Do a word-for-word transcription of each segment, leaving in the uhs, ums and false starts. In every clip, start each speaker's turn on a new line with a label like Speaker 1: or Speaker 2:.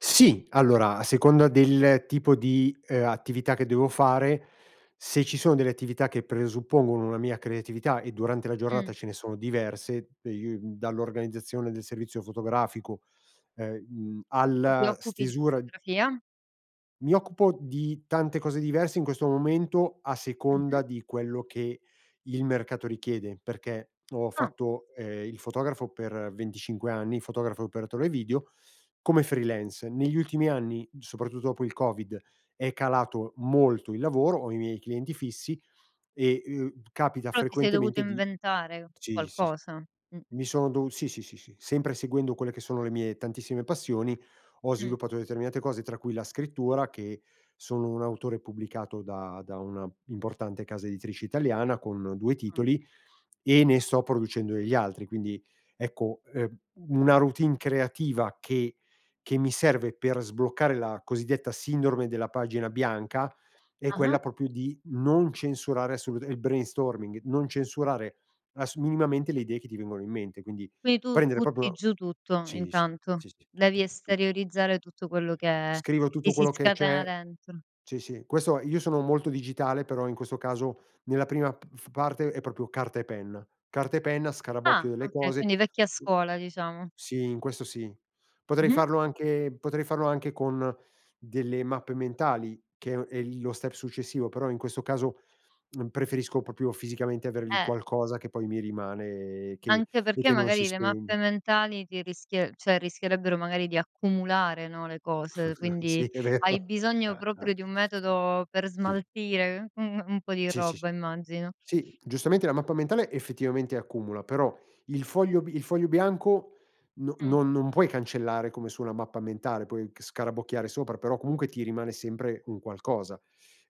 Speaker 1: Sì! Allora, a seconda del tipo di, uhm, attività che devo fare, se ci sono delle attività che presuppongono una mia creatività e durante la giornata
Speaker 2: Mh.
Speaker 1: ce ne sono diverse, de uhm, dall'organizzazione del servizio fotografico e mhmm,
Speaker 2: Però ti
Speaker 1: alla
Speaker 2: occupi di
Speaker 1: stesura
Speaker 2: fotografia?
Speaker 1: Mi occupo di tante cose diverse in questo momento a seconda
Speaker 2: Mh-mh.
Speaker 1: di quello che il mercato richiede, perché ho
Speaker 2: Ah!
Speaker 1: fatto, ehm, il fotografo per venticinque anni, fotografo e operatore video, come freelance. Negli ultimi anni, soprattutto dopo il COVID, è calato molto il lavoro, ho i miei clienti fissi e, uhm, capita
Speaker 2: Però ti sei dovuto
Speaker 1: frequentemente di
Speaker 2: inventare
Speaker 1: ci si
Speaker 2: qualcosa, mh.
Speaker 1: mi son dovu sì, sì, sì, sì, sempre seguendo quelle che sono le mie tantissime passioni ho
Speaker 2: Mh.
Speaker 1: sviluppato determinate cose, tra cui la scrittura, che sono un autore pubblicato da da una importante casa editrice italiana con due
Speaker 2: Ah.
Speaker 1: titoli e ne sto producendo degli altri. Quindi ecco, ehm, una routine creativa che che mi serve per sbloccare la cosiddetta sindrome della pagina bianca è quella
Speaker 2: Ah-ah?
Speaker 1: proprio di non censurare assoluta il brainstorming, non censurare ass minimamente le idee che ti vengono in mente, quindi
Speaker 2: Quindi tu
Speaker 1: prendere
Speaker 2: butti
Speaker 1: proprio
Speaker 2: giù tutto
Speaker 1: sì, sì,
Speaker 2: intanto,
Speaker 1: sì, sì,
Speaker 2: devi
Speaker 1: tutto, tutto.
Speaker 2: esteriorizzare tutto quello che
Speaker 1: Scrivo
Speaker 2: ti
Speaker 1: tutto
Speaker 2: si
Speaker 1: quello che
Speaker 2: scatena
Speaker 1: c'è
Speaker 2: dentro.
Speaker 1: sì, sì, questo io sono molto digitale, però in questo caso nella prima p f parte è proprio carta e penna, carta e penna,
Speaker 2: Ah!
Speaker 1: scarabocchio delle
Speaker 2: Okay,
Speaker 1: cose.
Speaker 2: quindi vecchia scuola, diciamo.
Speaker 1: Sì, in questo sì. Potrei
Speaker 2: Mh-mh.
Speaker 1: farlo anche potrei farlo anche con delle mappe mentali, che è un è il lo step successivo, però in questo caso, mhmm, preferisco proprio fisicamente avere lì
Speaker 2: Eh.
Speaker 1: qualcosa che poi mi rimane e che
Speaker 2: Anche
Speaker 1: e
Speaker 2: perché
Speaker 1: che non si
Speaker 2: magari le mappe
Speaker 1: spegne.
Speaker 2: mentali ti rischie ceh rischierebbero magari di accumulare, no, le cose.
Speaker 1: Sì,
Speaker 2: Quindi
Speaker 1: è
Speaker 2: hai
Speaker 1: vero.
Speaker 2: bisogno proprio di un metodo per
Speaker 1: Sì.
Speaker 2: smaltire un un po' di
Speaker 1: Sì, sì, sì.
Speaker 2: roba, immagino.
Speaker 1: Sì, giustamente la mappa mentale effettivamente accumula, però il foglio bi il foglio bianco no
Speaker 2: Mh.
Speaker 1: non non puoi cancellare come su una mappa mentale, puoi c scarabocchiare sopra, però comunque ti rimane sempre un qualcosa.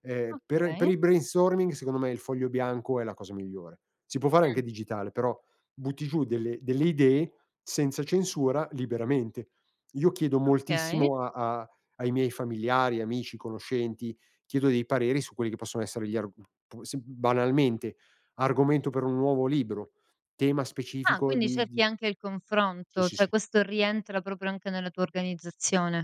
Speaker 1: Ehm, per per
Speaker 2: Okay.
Speaker 1: il brainstorming secondo me il foglio bianco è la cosa migliore. Si può fare anche
Speaker 2: Mh.
Speaker 1: digitale però butti giù delle delle idee senza censura liberamente. Io chiedo
Speaker 2: Okay.
Speaker 1: moltissimo a a ai miei familiari, amici, conoscenti, chiedo dei pareri su quelli che possono essere gli arg p p sì, banalmente argomento per un nuovo libro, tema
Speaker 2: Ah!
Speaker 1: specifico
Speaker 2: Quindi
Speaker 1: di
Speaker 2: cerchi
Speaker 1: di
Speaker 2: anche il
Speaker 1: sì,
Speaker 2: confronto,
Speaker 1: sì,
Speaker 2: cioè
Speaker 1: sì.
Speaker 2: questo rientra proprio anche nella tua organizzazione.